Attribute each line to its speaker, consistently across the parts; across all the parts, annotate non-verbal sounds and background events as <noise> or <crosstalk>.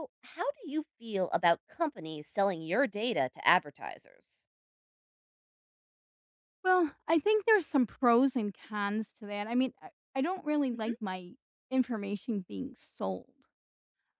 Speaker 1: So, how do you feel about companies selling your data to advertisers?
Speaker 2: Well, I think there's some pros and cons to that, I mean, I I don't really
Speaker 1: Mhm.
Speaker 2: like my information being sold.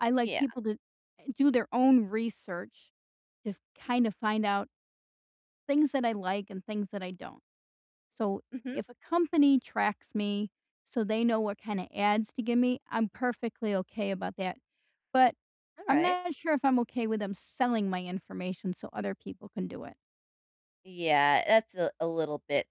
Speaker 2: I like
Speaker 1: Yeah.
Speaker 2: people to eh, do their own research if kinda find out things that I like and things that I don't. So,
Speaker 1: Mhm.
Speaker 2: if a company tracks me so they know what kinda ads to give me, I'm perfectly okay about that, but I'm
Speaker 1: Alright.
Speaker 2: not sure if I'm okay with them selling my information so other people can do it.
Speaker 1: Yeah, that's a a little bit,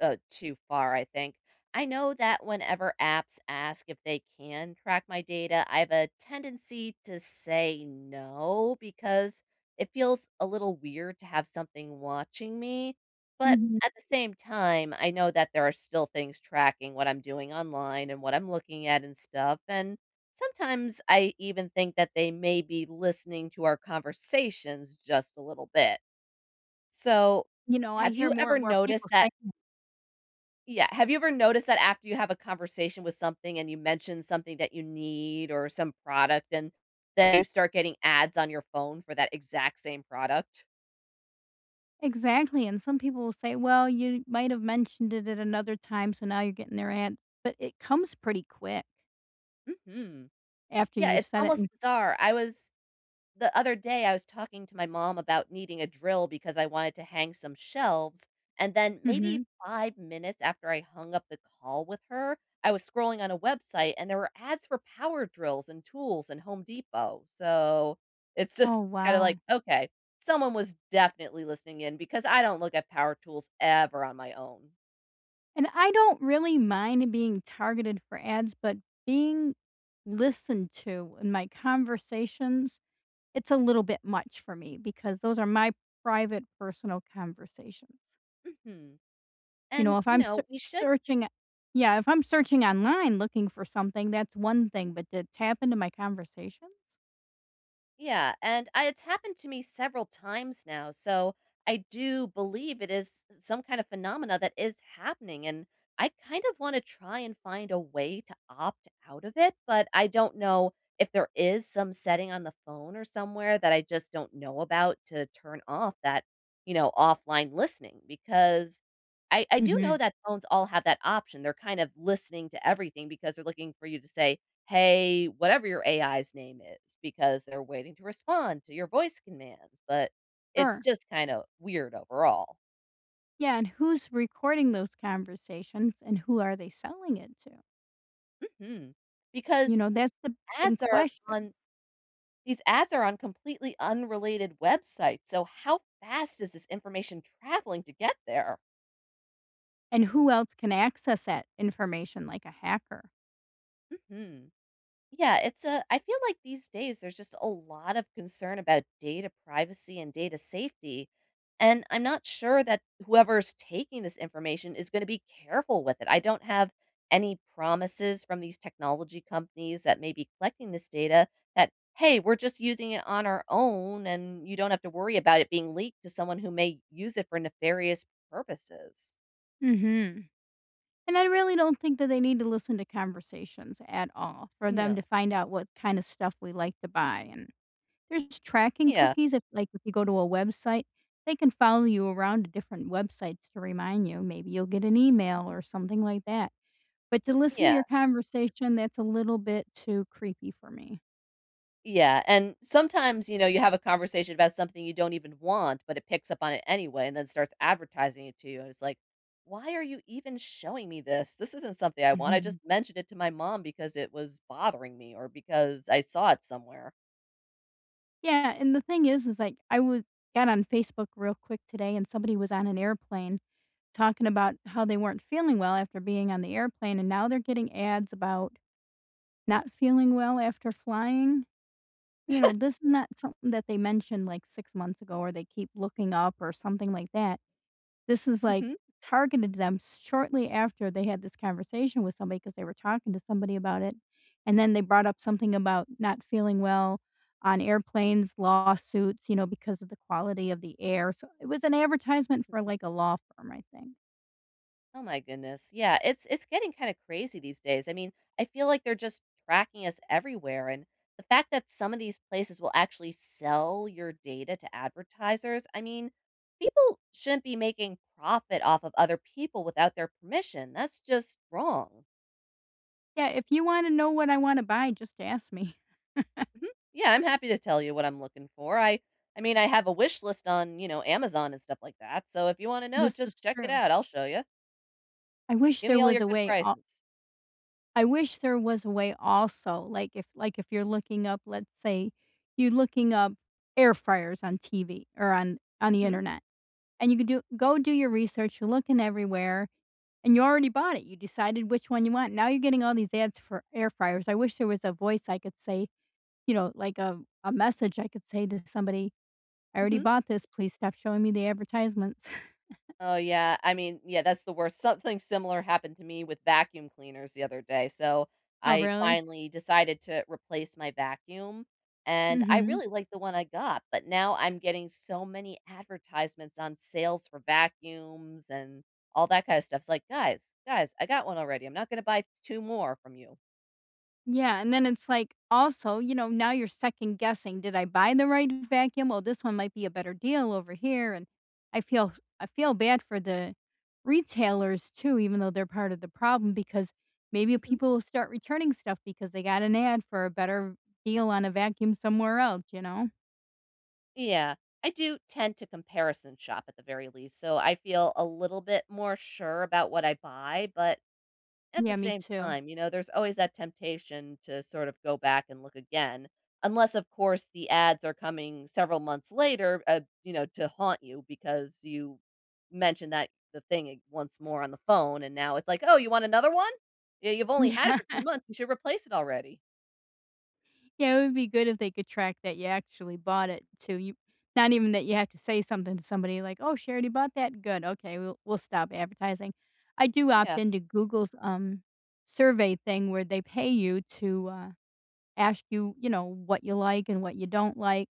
Speaker 1: uh, too far, I think, I know that whenever apps ask if they can track my data, I've a tendency to say "no" because it feels a little weird to have something watching me, but,
Speaker 2: Mhm.
Speaker 1: at the same time, I know that there are still things tracking what I'm doing online and what I'm looking at and stuff, and sometimes I even think that they may be listening to our conversations just a little bit. So,
Speaker 2: You know, I
Speaker 1: have
Speaker 2: hear
Speaker 1: you
Speaker 2: more
Speaker 1: ever
Speaker 2: and more people
Speaker 1: noticed that
Speaker 2: saying
Speaker 1: yeah, have you ever noticed that after you have a conversation with something and you mention something that you need or some product and then you start getting ads on your phone for that exact same product?
Speaker 2: Exactly, and some people will say, "Well, you might have mentioned it at another time, so now you're getting their ads." But, it comes pretty quick
Speaker 1: Mhm.
Speaker 2: after
Speaker 1: Yeah,
Speaker 2: you've
Speaker 1: it's
Speaker 2: said it,
Speaker 1: almost
Speaker 2: and
Speaker 1: bizarre, I was the other day, I was talking to my mom about needing a drill because I wanted to hang some shelves and then, maybe
Speaker 2: Mhm.
Speaker 1: 5 minutes after I hung up the call with her, I was scrolling on a website and there were ads for power drills, and tools, and Home Depot so it's
Speaker 2: Oh,
Speaker 1: just, kinda like,
Speaker 2: wow.
Speaker 1: "Okay, someone was definitely listening in because I don't look at power tools ever on my own."
Speaker 2: And I don't really mind being targeted for ads, but being listened to in my conversations, it's a little bit much for me because those are my private, personal conversations.
Speaker 1: Mhm,
Speaker 2: You know,
Speaker 1: and,
Speaker 2: if
Speaker 1: you
Speaker 2: I'm sear
Speaker 1: know, you should
Speaker 2: searching uh Yeah, if I'm searching online looking for something, that's one thing, but to tap into my conversations?
Speaker 1: Yeah, and, uh, it's happened to me several times now, so I do believe it is s some kind of phenomena that is happening and I kind of wanna try and find a way to opt out of it, but I don't know if there is some setting on the phone or somewhere that I just don't know about to turn off that, you know, offline listening because I I do know
Speaker 2: Mhm.
Speaker 1: that phones all have that option, they're kind of listening to everything because they're looking for you to say, "Hey, whatever your AI's name is," because they're waiting to respond to your voice command, but it's
Speaker 2: Sure.
Speaker 1: just kind of weird overall.
Speaker 2: Yeah, and who's recording those conversations, and who are they selling it to?
Speaker 1: Mhm,
Speaker 2: You
Speaker 1: because
Speaker 2: know, that's the big
Speaker 1: ads are
Speaker 2: question.
Speaker 1: on these ads are on completely unrelated websites, so how fast is this information traveling to get there?
Speaker 2: And who else can access that information, like a hacker.
Speaker 1: Mhm. Yeah, it's a I feel like these days, there's just a lot of concern about data privacy and data safety and I'm not sure that whoever's taking this information is gonna be careful with it. I don't have any promises from these technology companies that may be collecting this data that, "Hey, we're just using it on our own and you don't have to worry about it being leaked to someone who may use it for nefarious purposes."
Speaker 2: Mhm, and I really don't think that they need to listen to conversations at all for them to
Speaker 1: No.
Speaker 2: find out what kind of stuff we like to buy, and there's tracking
Speaker 1: Yeah.
Speaker 2: cookies if, like, if you go to a website, they can follow you around to different websites to remind you, maybe you'll get an email or something like that, but to listen to
Speaker 1: Yeah.
Speaker 2: your conversation, that's a little bit too creepy for me.
Speaker 1: Yeah, and sometimes, you know, you have a conversation about something you don't even want, but it picks up on it anyway and then starts advertising it to you, and it's like, "Why are you even showing me this, this isn't something I want, I
Speaker 2: <chuckles>
Speaker 1: just mentioned it to my mom because it was bothering me or because I saw it somewhere."
Speaker 2: Yeah, and the thing is, is, like, I wa got on Facebook real quick today, and somebody was on an airplane talking about how they weren't feeling well after being on the airplane, and now they're getting ads about not feeling well after flying, you know,
Speaker 1: <chuckles>
Speaker 2: this is not something that they mentioned, like, 6 months ago or they keep looking up or something like that, this is, like,
Speaker 1: Mhm.
Speaker 2: targeted them shortly after they had this conversation with somebody, 'cause they were talking to somebody about it, and then they brought up something about not feeling well on airplanes, lawsuits, you know, because of the quality of the air, so it was an advertisement for,
Speaker 1: <unintelligible>
Speaker 2: like, a law firm, I think.
Speaker 1: Oh my goodness. Yeah, it's it's getting kinda crazy these days. I mean, I feel like they're just tracking us everywhere and the fact that some of these places will actually sell your data to advertisers. I mean, people shouldn't be making profit off of other people without their permission, that's just wrong.
Speaker 2: Yeah, if you wanna know what I wanna buy, just ask me. <chuckles>
Speaker 1: Mhm. Yeah, I'm happy to tell you what I'm looking for, I I mean, I have a wish list on, you know, Amazon and stuff like that, so, if you wanna know,
Speaker 2: This
Speaker 1: just
Speaker 2: is
Speaker 1: check it
Speaker 2: true.
Speaker 1: out, I'll show you.
Speaker 2: I wish
Speaker 1: Give
Speaker 2: there
Speaker 1: me all
Speaker 2: was
Speaker 1: your
Speaker 2: a
Speaker 1: good
Speaker 2: way al
Speaker 1: prices.
Speaker 2: I wish there was a way also. Like, if like, if you looking up, let's say you're looking up air fryers on TV or on on the
Speaker 1: Mhm.
Speaker 2: Internet, and you could do go do your research, you're looking everywhere, and you already bought it, you decided which one you want, now you're getting all these ads for air fryers, I wish there was a voice I could say, you know, like a a message I could say to somebody, "I already
Speaker 1: Mhm.
Speaker 2: bought this, please stop showing me the advertisements." <chuckles>
Speaker 1: Oh, yeah, I mean yeah, that's the worst, something similar happened to me with vacuum cleaners the other day, so,
Speaker 2: Oh,
Speaker 1: I
Speaker 2: really?
Speaker 1: finally decided to replace my vacuum, and I
Speaker 2: Mhm.
Speaker 1: really like the one I got, but now I'm getting so many advertisements on sales for vacuums and all that kinda stuff. It's like, "Guys, guys, I got one already, I'm not gonna buy t two more from you."
Speaker 2: Yeah, and then it's like, also, you know, now you're second-guessing, "Did I buy the right vacuum, well, this one might be a better deal over here, and" I feel I feel bad for the retailers, too, even though they're part of the problem because maybe
Speaker 1: Mhm.
Speaker 2: people will start returning stuff because they got an ad for a better deal on a vacuum somewhere else, you know?
Speaker 1: Yeah. I do tend to comparison shop at the very least, so I feel a little bit more sure about what I buy, but, at the
Speaker 2: Yeah, me
Speaker 1: same
Speaker 2: too.
Speaker 1: time, you know, there's always that temptation to sort of go back and look again. Unless, of course, the ads are coming several months later, uh, you know, to haunt you because you mentioned that the thing ag once more on the phone, and now it's like, "Oh, you want another one? Yeah, you've only had it
Speaker 2: Yeah.
Speaker 1: for 2 months, you should replace it already."
Speaker 2: Yeah, it would be good if they could track that ya actually bought it too, you not even that you have to say something to somebody like, "Oh, she already bought that, good, okay, we'll we'll stop advertising," I do opt
Speaker 1: Yeah.
Speaker 2: into Google's, um, survey thing where they pay you to, uh, ask you, you know, what ya like and what ya don't like.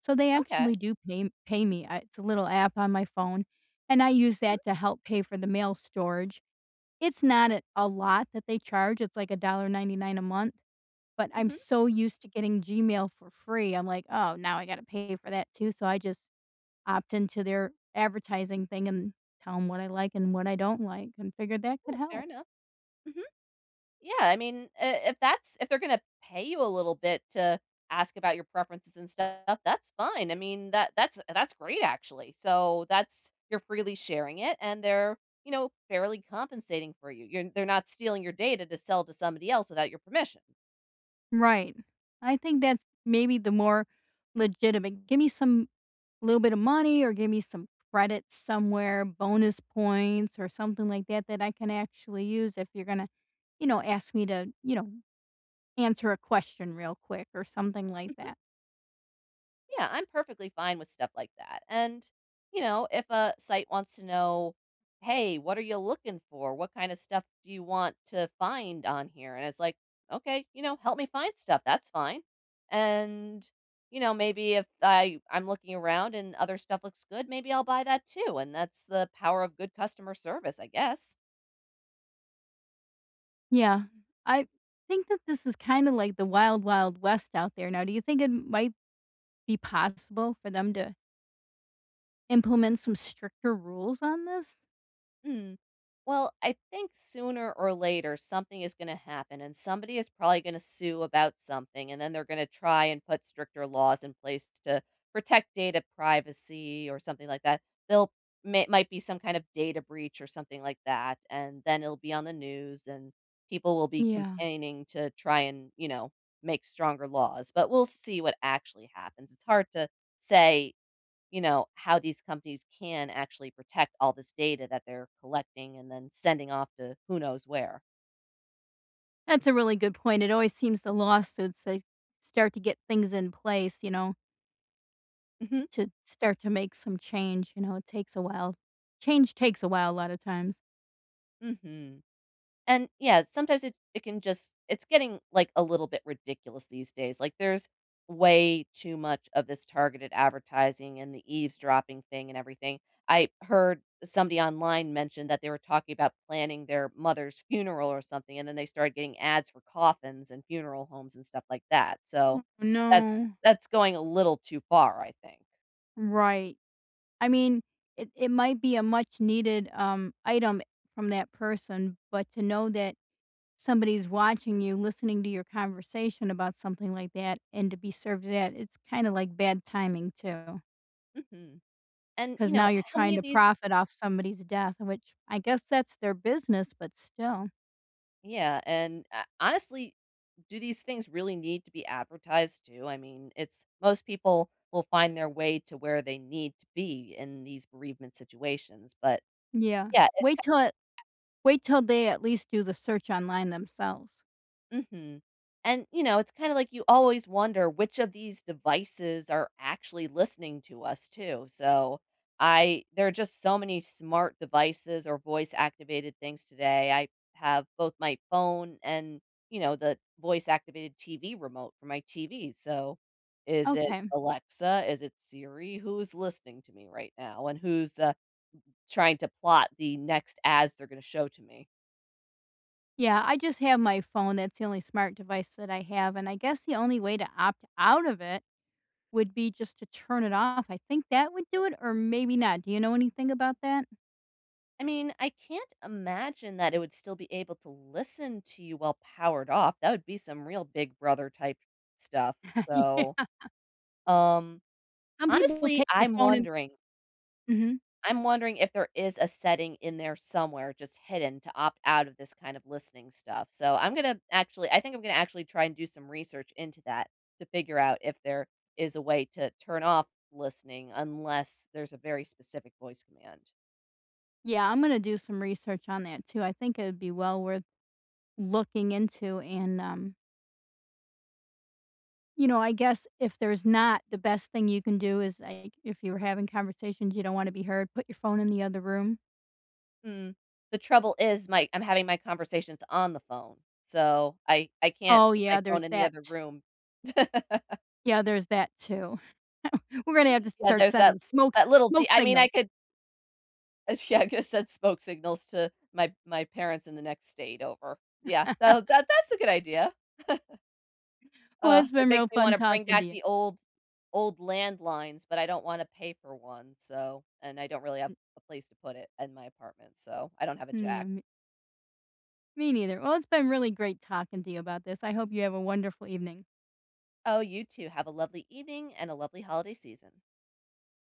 Speaker 2: So they
Speaker 1: Okay.
Speaker 2: actually do pay m pay me, I it's a little app on my phone, and I use that to help pay for the mail storage. It's not a lot that they charge, it's like $1.99 a month. But I'm
Speaker 1: Mhm.
Speaker 2: so used to getting Gmail for free, I'm like, "Oh, now I gotta pay for that too," so I just opt into their advertising thing and tell 'em what I like and what I don't like, and figured that could
Speaker 1: Yeah, fair
Speaker 2: help.
Speaker 1: enough. Mhm. Yeah, I mean, i if that's if they're gonna pay you a little bit to ask about your preferences and stuff, that's fine, I mean, that that's that's great actually. So, that's you're freely sharing it, and they're, you know, fairly compensating for you, you're they're not stealing your data to sell to somebody else without your permission.
Speaker 2: Mm right. I think that's maybe the more legitimate give me some little bit of money or give me some credit somewhere, bonus points, or something like that that I can actually use if you're gonna, you know, ask me to, you know, answer a question real quick or something like
Speaker 1: Mhm.
Speaker 2: that.
Speaker 1: Yeah, I'm perfectly fine with stuff like that. And, you know, if a site wants to know, "Hey, what are ya looking for? What kinda stuff do you want to find on here?" And it's like, "Okay, you know, help me find stuff," that's fine. And, you know, maybe if I I'm looking around and other stuff looks good, maybe I'll buy that too and that's the power of good customer service, I guess.
Speaker 2: Yeah. I think that this is kinda like the wild wild west out there, now do you think it m might be possible for them to implement some stricter rules on this?
Speaker 1: Mm. Well, I think sooner or later, something is gonna happen, and somebody is probably gonna sue about something and then they're gonna try and put stricter laws in place t to protect data privacy or something like that. They'll may might be some kind of data breach or something like that, and then it'll be on the news, and people will be
Speaker 2: Yeah.
Speaker 1: campaigning to try and, you know, make stronger laws, but we'll see what actually happens, it's hard to say, you know, how these companies can actually protect all this data that they're collecting and then sending off to who knows where.
Speaker 2: That's a really good point, it always seems the lawsuits, they start to get things in place, you know
Speaker 1: Mhm.
Speaker 2: to start to make some change, you know, it takes a while, change takes a while, a lot of times.
Speaker 1: Mhm, and, yeah, sometimes it it can just it's getting, like, a little bit ridiculous these days, like, there's way too much of this targeted advertising and the eavesdropping thing and everything, I heard somebody online mention that they were talking about planning their mother's funeral or something, and then they started getting ads for coffins and funeral homes and stuff like that, so
Speaker 2: Oh,
Speaker 1: that's
Speaker 2: no.
Speaker 1: that's going a little too far, I think.
Speaker 2: Right, I mean, it it might be a much needed, um, item from that person, but to know that somebody's watching you, listening to your conversation about something like that, and to be served that, it's kinda like bad timing too.
Speaker 1: Mhm, and, you
Speaker 2: 'Cause now
Speaker 1: know,
Speaker 2: you're
Speaker 1: how many
Speaker 2: trying
Speaker 1: of
Speaker 2: to
Speaker 1: these
Speaker 2: profit off somebody's death, which I guess that's their business, but still.
Speaker 1: Yeah, and, h honestly, do these things really need to be advertised to, I mean, it's most people will find their way to where they need to be in these bereavement situations, but,
Speaker 2: Yeah,
Speaker 1: yeah, it's
Speaker 2: wait
Speaker 1: kinda
Speaker 2: till it
Speaker 1: like that
Speaker 2: wait till they at least do the search online themselves.
Speaker 1: Mhm, and, you know, it's kinda like you always wonder which of these devices are actually listening to us, too, so, I there are just so many smart devices or voice activated things today, I have both my phone and, you know, the voice activated TV remote for my TV, so, is it
Speaker 2: Okay.
Speaker 1: Alexa, is it Siri, who's listening to me right now, and who's, uh, n trying to plot the next ads they're gonna show to me?
Speaker 2: Yeah, I just have my phone, that's the only smart device that I have, and I guess the only way to opt out of it would be just to turn it off, I think that would do it, or maybe not, do you know anything about that?
Speaker 1: I mean, I can't imagine that it would still be able to listen to you while powered off, that would be some real big brother type stuff
Speaker 2: Yeah.
Speaker 1: so, um,
Speaker 2: Some people will
Speaker 1: honestly,
Speaker 2: take their
Speaker 1: I'm
Speaker 2: phone and
Speaker 1: wondering
Speaker 2: Mhm.
Speaker 1: I'm wondering if there is a setting in there somewhere just hidden to opt out of this kind of listening stuff, so I'm gonna actually I think I'm gonna actually try and do some research into that to figure out if there is a way to turn off listening unless there's a very specific voice command.
Speaker 2: Yeah, I'm gonna do some research on that too, I think it would be well worth looking into and, um you know, I guess if there's not, the best thing you can do is, like, if you were having conversations, you don't wanna be heard, put your phone in the other room.
Speaker 1: Hmm. The trouble is, my I'm having my conversations on the phone, so I I can't
Speaker 2: Oh,
Speaker 1: put my
Speaker 2: yeah,
Speaker 1: phone
Speaker 2: there's
Speaker 1: in the
Speaker 2: that
Speaker 1: other
Speaker 2: t
Speaker 1: room. <laughs>
Speaker 2: Yeah, there's that too. <chuckles> We're gonna have to
Speaker 1: Yeah,
Speaker 2: start
Speaker 1: there's
Speaker 2: sending
Speaker 1: that
Speaker 2: smoke s
Speaker 1: that little de
Speaker 2: smoke
Speaker 1: I mean, I
Speaker 2: signal.
Speaker 1: could Eh sh yeah, coulda sent smoke signals to my my parents in the next state over. Yeah, that w
Speaker 2: <laughs>
Speaker 1: that that's a good idea. <chuckles>
Speaker 2: Well,
Speaker 1: Uh,
Speaker 2: it's
Speaker 1: it
Speaker 2: been
Speaker 1: makes
Speaker 2: real
Speaker 1: me
Speaker 2: fun
Speaker 1: wanna bring
Speaker 2: talking to
Speaker 1: back
Speaker 2: you.
Speaker 1: the old old landlines, but I don't wanna pay for one, so and I don't really have
Speaker 2: M
Speaker 1: a place to put it in my apartment, so I don't have a
Speaker 2: Yeah,
Speaker 1: jack.
Speaker 2: me me neither, well, it's been really great talking to you about this, I hope you have a wonderful evening.
Speaker 1: Oh, you too, have a lovely evening and a lovely holiday season.